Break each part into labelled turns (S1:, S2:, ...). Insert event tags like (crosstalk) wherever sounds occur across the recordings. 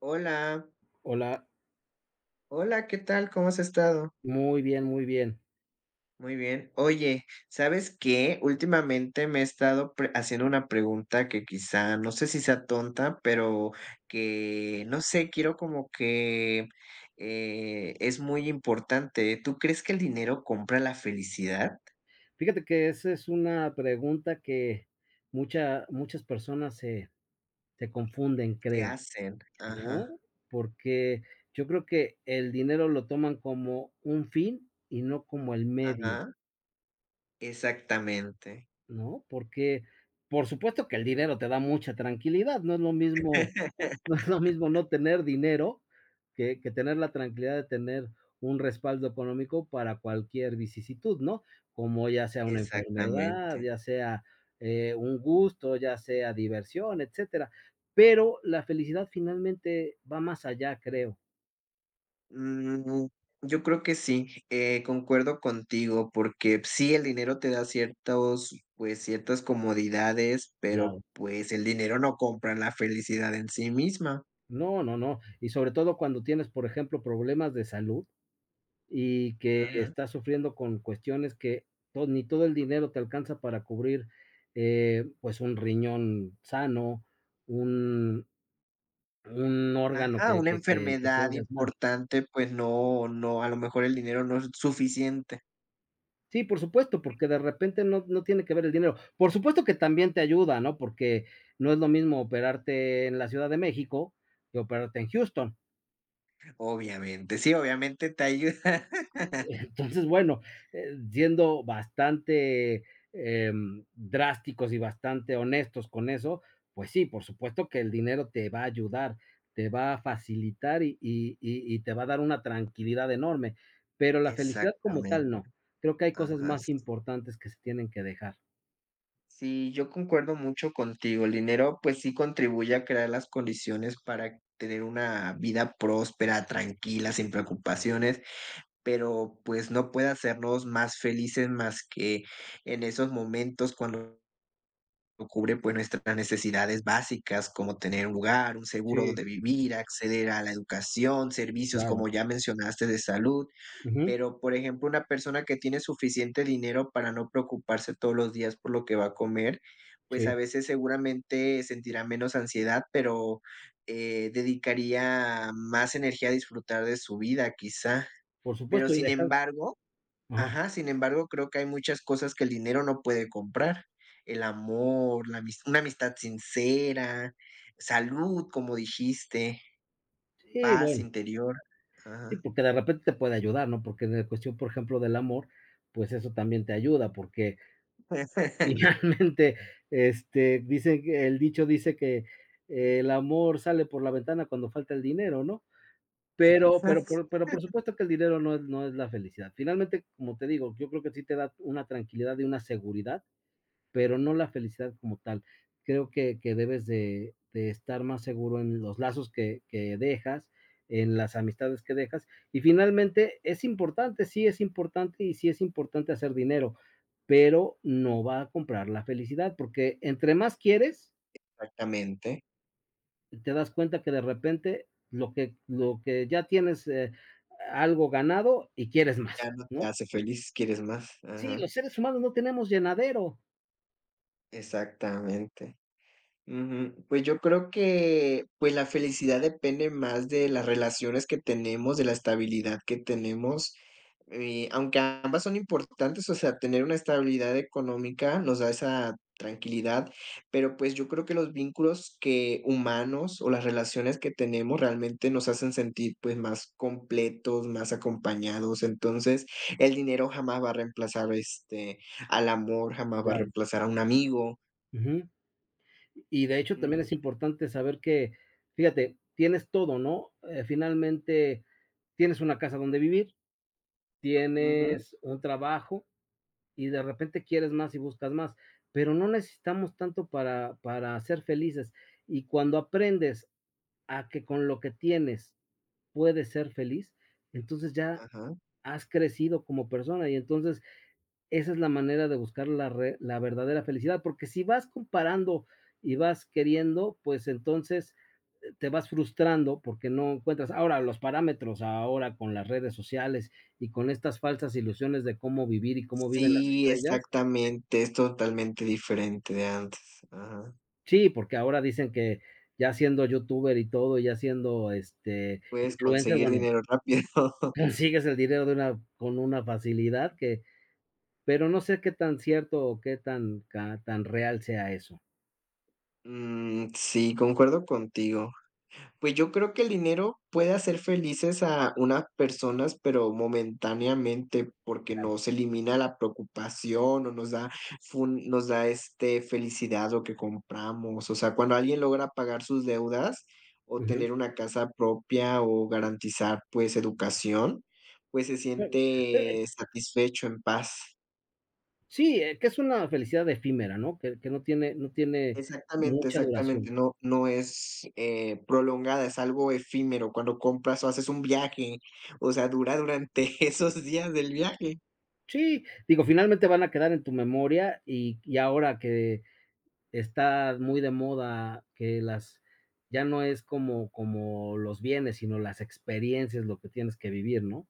S1: Hola.
S2: Hola.
S1: Hola, ¿qué tal?, ¿cómo has estado?
S2: Muy bien, muy bien.
S1: Muy bien, oye, ¿sabes qué?, ultimamente me he estado pre haciendo una pregunta que quizá no sé si sea tonta, pero que, no sé, quiero como que, eh, es muy importante, ¿tú crees que el dinero compra la felicidad?
S2: Fíjate que, esa es una pregunta que, mucha muchas personas se se confunden,
S1: Se
S2: creo,
S1: hacen ajá
S2: ¿no?, porque yo creo que el dinero lo toman como un fin y no como el medio.
S1: Ajá. Exactamente
S2: ¿No?, porque, por supuesto que el dinero te da mucha tranquilidad, no es lo mismo no es lo mismo
S1: (laughs)
S2: no tener dinero que que tener la tranquilidad de tener un respaldo económico para cualquier vicisitud, ¿no?, como ya sea una enfermedad,
S1: Exactamente.
S2: ya sea, eh, un gusto, ya sea diversión, etcétera, pero la felicidad finalmente va más allá, creo.
S1: Mm, yo creo que sí, eh, concuerdo contigo porque sí, el dinero te da ciertos, pues ciertas comodidades, pero,
S2: Claro.
S1: pues, el dinero no compra la felicidad en sí misma.
S2: No, no, no, y sobre todo cuando tienes, por ejemplo, problemas de salud y que
S1: Ujú.
S2: estás sufriendo con cuestiones que to ni todo el dinero te alcanza para cubrir, eh, pues, un riñón sano, un un órgano
S1: Ajá,
S2: que
S1: una
S2: que que
S1: enfermedad
S2: tengas mal.
S1: importante, pues, no no a lo mejor el dinero no es suficiente.
S2: Sí, por supuesto, porque de repente no no tiene que ver el dinero, por supuesto que también te ayuda, ¿no?, porque no es lo mismo operarte en la Ciudad de México, que operarte en Houston.
S1: Obviamente, sí, obviamente te ayuda.
S2: Entonces, bueno,
S1: (laughs)
S2: eh, siendo bastante, eh, drásticos y bastante honestos con eso, pues sí, por supuesto que el dinero te va a ayudar, te va a facilitar y y y te va a dar una tranquilidad enorme, pero la felicidad como
S1: Exactamente,
S2: tal no, creo que hay cosas
S1: ajá,
S2: más
S1: sí.
S2: importantes que se tienen que dejar.
S1: Sí, yo concuerdo mucho contigo, el dinero, pues sí, contribuye a crear las condiciones para tener una vida próspera, tranquila, sin preocupaciones, pero, pues, no puede hacernos más felices, más que en esos momentos cuando nos cubre, pues, nuestras necesidades básicas, como tener un lugar, un seguro
S2: Si.
S1: donde vivir, acceder a la educación, servicios, como
S2: Claro.
S1: ya mencionaste, de salud,
S2: Ujú.
S1: pero, por ejemplo, una persona que tiene suficiente dinero para no preocuparse todos los días por lo que va a comer, pues, a
S2: Sí.
S1: veces seguramente sentirá menos ansiedad, pero, eh, dedicaría más energía a disfrutar de su vida quizá,
S2: Por
S1: pero
S2: supuesto y
S1: sin
S2: dejar
S1: embargo
S2: ajá.
S1: ajá, sin embargo creo que hay muchas cosas que el dinero no puede comprar, el amor, la una amistad sincera, salud, como dijiste,
S2: Sí,
S1: paz
S2: bueno.
S1: interior,
S2: Sí,
S1: ajá.
S2: porque de repente te puede ayudar, ¿no?, porque en cuestión, por ejemplo, del amor, pues, eso también te ayuda, porque
S1: Puede ser. (chuckles)
S2: finalmente, este, dicen que el dicho dice que: "El amor sale por la ventana cuando falta el dinero", ¿no?, pero pero por pero, por
S1: (unintelligible)
S2: supuesto, que el dinero no es no es la felicidad, finalmente, como te digo, yo creo que sí te da una tranquilidad de una seguridad, pero no la felicidad como tal. Creo que que debes de de estar más seguro en los lazos que que dejas en las amistades que dejas y finalmente, es importante, sí es importante, y sí es importante hacer dinero, pero no va a comprar la felicidad porque entre más quieres
S1: Exactamente.
S2: Te das cuenta que, de repente lo que lo que ya tienes, eh, algo ganado y quieres
S1: Ya
S2: más,
S1: no te
S2: ¿no?
S1: hace feliz, quieres más,
S2: Sí,
S1: ajá.
S2: los seres humanos no tenemos llenadero.
S1: Exactamente, ujú, pues, yo creo que, pues, la felicidad depende más de las relaciones que tenemos, de la estabilidad que tenemos, eh, aunque ambas son importantes, o sea, tener una estabilidad económica nos da esa tranquilidad, pero, pues, yo creo que los vínculos que humanos o las relaciones que tenemos realmente nos hacen sentir, pues, más completos, más acompañados. Entonces, el dinero jamás va a reemplazar, este, al amor, jamás va a
S2: Claro.
S1: reemplazar a un amigo.
S2: Ujú. Y de hecho también
S1: Ujú.
S2: es importante saber que, fíjate, tienes todo, ¿no?, eh, finalmente, tienes una casa donde vivir,
S1: Ujú.
S2: tienes un trabajo y de repente quieres más y buscas más, pero no necesitamos tanto para para ser felices, y cuando aprendes a que con lo que tienes puedes ser feliz, entonces ya
S1: Ajá.
S2: has crecido como persona y entonces esa es la manera de buscar la re la verdadera felicidad porque si vas comparando y vas queriendo, pues, entonces, eh, te vas frustrando porque no encuentras, ahora los parámetros, ahora con las redes sociales y con estas falsas ilusiones de cómo vivir y cómo viven las
S1: Sí,
S2: estrellas.
S1: exactamente, es totalmente diferente de antes ajá.
S2: Sí, porque ahora dicen que, ya siendo youtuber y todo, ya siendo este
S1: Puedes
S2: influencer,
S1: conseguir
S2: bueno
S1: dinero rápido. (laughs)
S2: consigues el dinero de una con una facilidad que, pero no sé qué tan cierto o qué tan ca tan real sea eso.
S1: Mm, sí, concuerdo contigo, pues yo creo que, el dinero puede hacer felices a unas personas, pero momentáneamente, porque
S2: Claro.
S1: no se elimina la preocupación, o nos da, fun nos da, este, felicidad lo que compramos, o sea, cuando alguien logra pagar sus deudas, o
S2: Ujú.
S1: tener una casa propia o garantizar, pues, educación, pues, se
S2: Claro, eh
S1: siente satisfecho, en paz.
S2: Sí, es que es una felicidad efímera, ¿no?, que que no tiene no tiene
S1: Exactamente,
S2: mucha duración.
S1: exactamente, no no es, eh, prolongada, es algo efímero cuando compras o haces un viaje, o sea, dura durante esos días del viaje.
S2: Sí, digo, finalmente van a quedar en tu memoria, y y ahora que está muy de moda que las ya no es como como los bienes, sino las experiencias, lo que tienes que vivir, ¿no?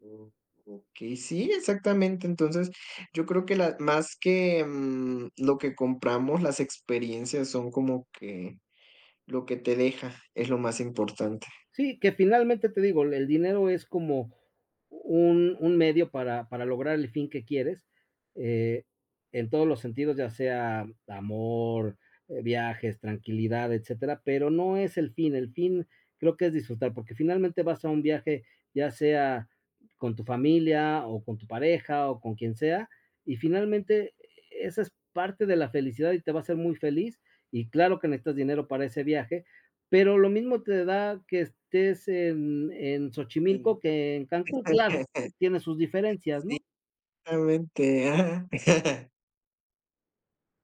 S1: O okey, sí, exactamente, entonces, yo creo que la más que, mm, lo que compramos, las experiencias son como que, lo que te deja, es lo más importante.
S2: Sí, que finalmente te digo, el dinero es como un un medio para para lograr el fin que quieres, eh, en todos los sentidos ya sea amor, eh, viajes, tranquilidad, etcétera, pero no es el fin, el fin, creo que es disfrutar porque finalmente vas a un viaje, ya sea con tu familia o con tu pareja o con quien sea, y finalmente, e e esa es parte de la felicidad y te va a hacer muy feliz y claro que necesitas dinero para ese viaje, pero lo mismo te da que estés en en
S1: Sí,
S2: Xochimilco que en Cancún, claro,
S1: (laughs)
S2: tiene sus diferencias
S1: sí,
S2: ¿no?
S1: realmente. Ah. (chuckles)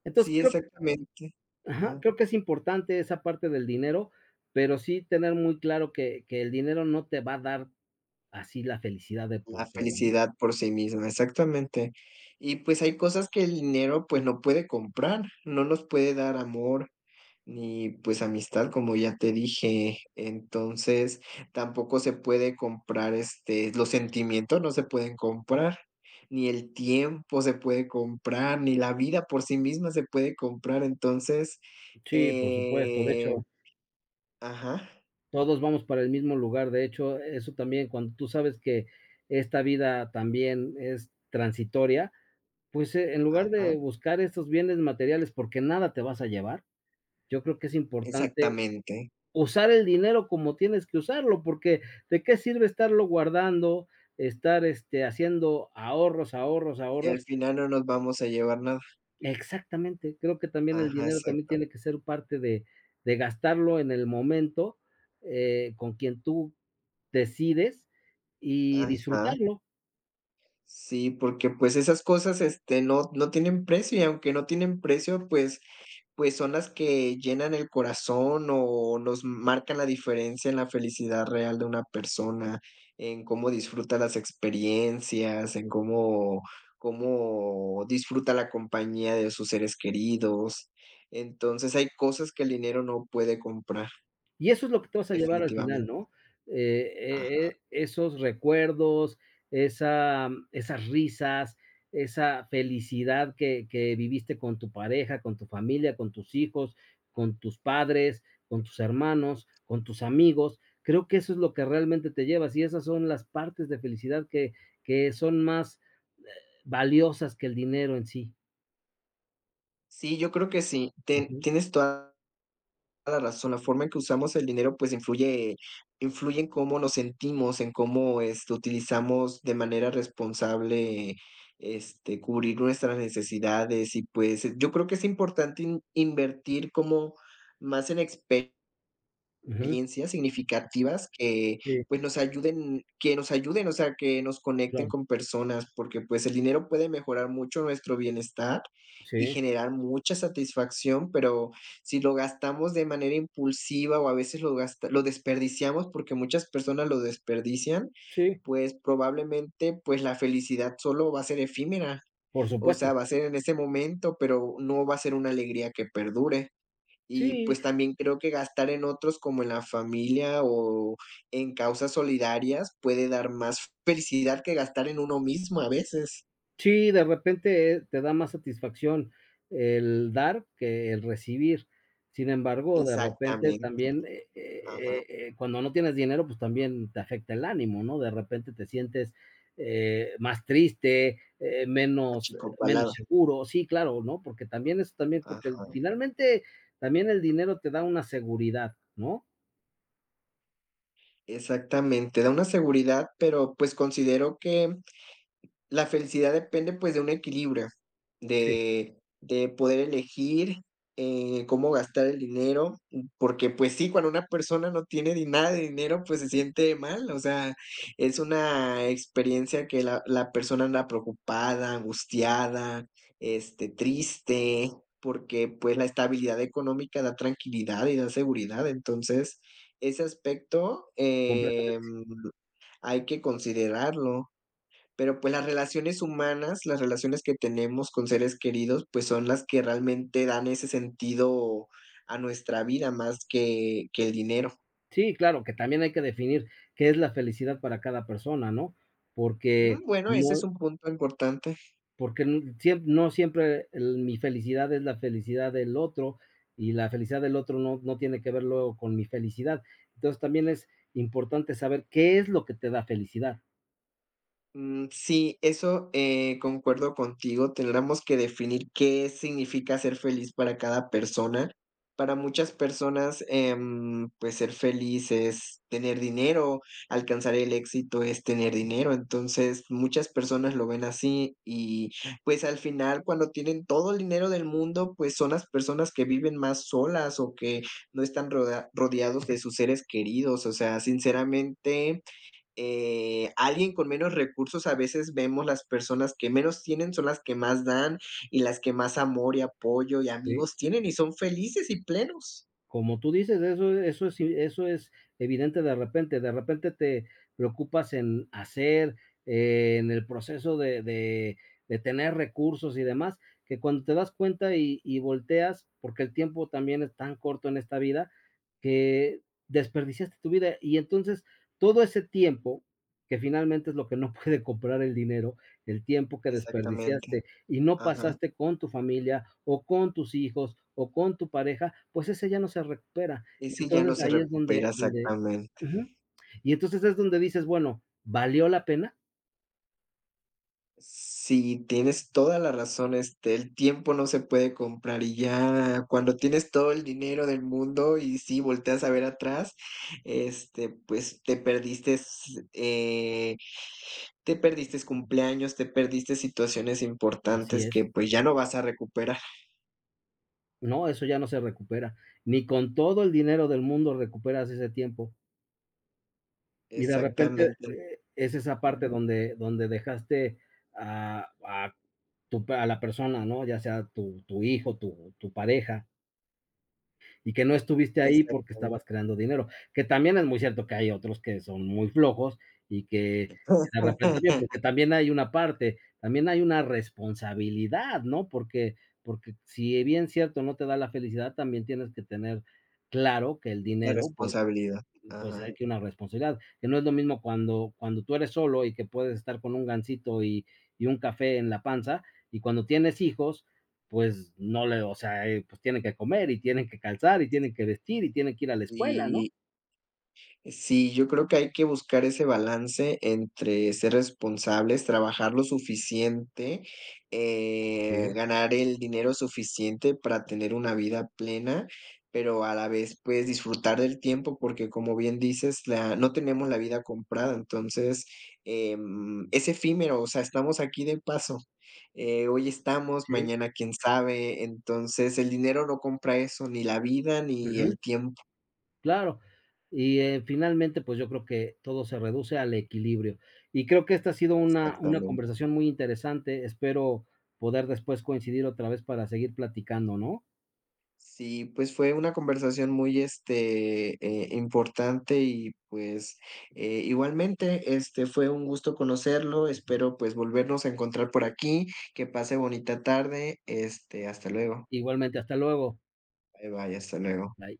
S2: Entonces
S1: Sí,
S2: creo
S1: exactamente,
S2: Ajá,
S1: ajá.
S2: creo que es importante esa parte del dinero, pero sí tener muy claro que que el dinero no te va a dar así la felicidad de
S1: La
S2: por todo, ¿no?
S1: felicidad por sí misma, exactamente. Y, pues, hay cosas que el dinero, pues, no puede comprar, no nos puede dar amor, ni, pues, amistad, como ya te dije. Entonces, tampoco se puede comprar este, los sentimientos no se pueden comprar, ni el tiempo se puede comprar, ni la vida por sí misma se puede comprar. Entonces,
S2: Sí, por supuesto, de
S1: eh.
S2: hecho
S1: Ajá.
S2: todos vamos para el mismo lugar. De hecho, eso también, cuando tú sabes que esta vida también es transitoria, pues, eh, en lugar de
S1: Ajá.
S2: buscar esos bienes materiales porque nada te vas a llevar, yo creo que es importante
S1: Exactamente.
S2: usar el dinero como tienes que usarlo, porque ¿de qué sirve estarlo guardando, estar, este, haciendo ahorros, ahorros,
S1: Sí,
S2: ahorros?
S1: al final no nos vamos a llevar nada.
S2: Exactamente, creo que también el
S1: Ajá,
S2: dinero también
S1: exactamente.
S2: tiene que ser parte de de gastarlo en el momento, eh, con quien tú decides y
S1: Ajá.
S2: disfrutarlo.
S1: Sí, porque, pues, esas cosas, este, no no tienen precio y, aunque no tienen precio, pues pues, son las que llenan el corazón o nos marcan la diferencia en la felicidad real de una persona, en cómo disfruta las experiencias, en cómo cómo disfruta la compañía de sus seres queridos. Entonces, hay cosas que el dinero no puede comprar.
S2: Y eso es lo que te vas a llevar al final,
S1: Definitivamente.
S2: ¿no?,
S1: Ajá.
S2: e e e esos recuerdos, esa, mm, esas risas, esa felicidad que que viviste con tu pareja, con tu familia, con tus hijos, con tus padres, con tus hermanos, con tus amigos. Creo que eso es lo que realmente te llevas, y esas son las partes de felicidad que que son más, eh, valiosas que el dinero en sí.
S1: Sí, yo creo que sí. Te
S2: Ujú.
S1: tienes toda la razón, la forma en que usamos el dinero, pues, influye influye en cómo nos sentimos, en cómo, este, utilizamos de manera responsable, este, cubrir nuestras necesidades y, pues, yo creo que es importante inv invertir como más en expe
S2: Ujú.
S1: riencias significativas que,
S2: Sí.
S1: pues, nos ayuden que nos ayuden, o sea, que nos conecten
S2: Claro.
S1: con personas, porque, pues, el dinero puede mejorar mucho nuestro bienestar y
S2: Sí.
S1: generar mucha satisfacción, pero si lo gastamos de manera impulsiva o a veces lo gasta lo desperdiciamos porque muchas personas lo desperdician,
S2: Sí.
S1: pues, probablemente, pues, la felicidad solo va a ser efímera.
S2: Por
S1: O
S2: supuesto.
S1: sea, va a ser en ese momento, pero no va a ser una alegría que perdure. Y,
S2: Sí.
S1: pues, también creo que gastar en otros como en la familia o en causas solidarias puede dar más felicidad que gastar en uno mismo a veces.
S2: Sí, de repente, eh, te da más satisfacción el dar que el recibir. Sin embargo, de repente
S1: Exactamente.
S2: también, eh
S1: Ajá.
S2: eh eh, cuando no tienes dinero, pues también te afecta el ánimo, ¿no? De repente te sientes, eh, más triste, eh, menos eh, menos
S1: Achicopalado.
S2: seguro Sí, claro, ¿no? Porque también eso también porque
S1: Ajá.
S2: finalmente, también el dinero te da una seguridad, ¿no?
S1: Exactamente, da una seguridad, pero, pues, considero que la felicidad depende, pues, de un equilibrio,
S2: Sí.
S1: de de poder elegir, eh, cómo gastar el dinero, porque, pues, sí, cuando una persona no tiene di nada de dinero, pues, se siente mal, o sea, es una experiencia que la la persona anda preocupada, angustiada, este, triste, porque, pues, la estabilidad económica da tranquilidad y da seguridad. Entonces, ese aspecto, em,
S2: Completamente.
S1: hay que considerarlo. Pero, pues, las relaciones humanas, las relaciones que tenemos con seres queridos, pues, son las que realmente dan ese sentido a nuestra vida más que que el dinero.
S2: Sí, claro, que también hay que definir qué es la felicidad para cada persona, ¿no?
S1: Mm,
S2: Porque,
S1: bueno, ese es
S2: no
S1: un punto importante.
S2: porque n siemp no siempre, eh, l mi felicidad es la felicidad del otro y la felicidad del otro no no tiene que ver luego con mi felicidad. Entonces también es importante saber qué es lo que te da felicidad.
S1: Mm. Sí, eso, eh, concuerdo contigo, tendríamos que definir qué significa ser feliz para cada persona. Para muchas personas, em, pues, ser feliz es tener dinero, alcanzar el éxito es tener dinero. Entonces, muchas personas lo ven así y, pues, al final, cuando tienen todo el dinero del mundo, pues, son las personas que viven más solas o que no están rodea rodeados de sus seres queridos. O sea, sinceramente, eh, alguien con menos recursos a veces vemos las personas que menos tienen son las que más dan, y las que más amor y apoyo y
S2: Sí.
S1: amigos tienen, y son felices y plenos.
S2: Como tú dices, eso eso sí eso es evidente de repente de repente te preocupas en hacer, en el proceso de de de tener recursos y demás que cuando te das cuenta y y volteas porque el tiempo también es tan corto en esta vida que desperdiciaste tu vida y entonces todo ese tiempo que finalmente es lo que no puede comprar el dinero, el tiempo que
S1: Exactamente.
S2: desperdiciaste, y no
S1: Ajá.
S2: pasaste con tu familia, o con tus hijos, o con tu pareja, pues ese ya no se recupera.
S1: Y
S2: Y
S1: sí, ya no
S2: entonces
S1: se
S2: ahí es donde
S1: recupera,
S2: donde
S1: exactamente.
S2: Ujú, y entonces es donde dices: “Bueno, ¿valió la pena?”.
S1: Si tienes toda la razón, este, el tiempo no se puede comprar y ya cuando tienes todo el dinero del mundo y sí volteas a ver atrás, este, pues, te perdiste, s eh, (sucks teeth) te perdiste cumpleaños, te perdiste situaciones
S2: Así
S1: importantes
S2: es.
S1: que pues ya no vas a recuperar.
S2: No, eso ya no se recupera. Ni con todo el dinero del mundo recuperas ese tiempo. Y de repente,
S1: Exactamente.
S2: eh, es esa parte
S1: Ujú.
S2: donde donde dejaste a a tu pa a la persona, ¿no?, ya sea, tu tu hijo, tu tu pareja. Y que no estuviste ahí porque
S1: Exactamente.
S2: estabas creando dinero, que también es muy cierto que hay otros que son muy flojos y que de repente también Porque
S1: (laughs)
S2: también hay una parte. También hay una responsabilidad, ¿no? Porque porque, si bien cierto no te da la felicidad, también tienes que tener claro que el
S1: La
S2: dinero, pues
S1: responsabilidad,
S2: pues
S1: ajá.
S2: hay que una responsabilidad. Que no es lo mismo cuando cuando tú eres solo y que puedes estar con un Gansito y y un café en la panza, y cuando tienes hijos, pues no le o sea, eh, pues tiene que comer y tienen que calzar y tienen que vestir y tienen que ir a la escuela, ¿no?
S1: Sí. Eh, sí, yo creo que hay que buscar ese balance entre ser responsables, trabajar lo suficiente, eh,
S2: Sí.
S1: ganar el dinero suficiente para tener una vida plena, pero a la vez, pues, disfrutar del tiempo, porque, como bien dices, la no tenemos la vida comprada. Entonces, em, es efímero, o sea, estamos aquí de paso, eh, hoy estamos,
S2: Sí.
S1: mañana quién sabe. Entonces, el dinero no compra eso, ni la vida ni
S2: Ujú.
S1: el tiempo.
S2: Claro. Y, eh, finalmente, pues yo creo que todo se reduce al equilibrio. Y creo que esta ha sido una una
S1: Exactamente.
S2: conversación muy interesante. Espero poder después coincidir otra vez para seguir platicando, ¿no?
S1: Sí, pues, fue una conversación muy, este, eh, importante y, pues, eh, igualmente, este, fue un gusto conocerlo. Espero, pues, volvernos a encontrar por aquí. Que pase bonita tarde, este, hasta luego.
S2: Igualmente, hasta luego.
S1: Bye, bye, hasta luego.
S2: Bye.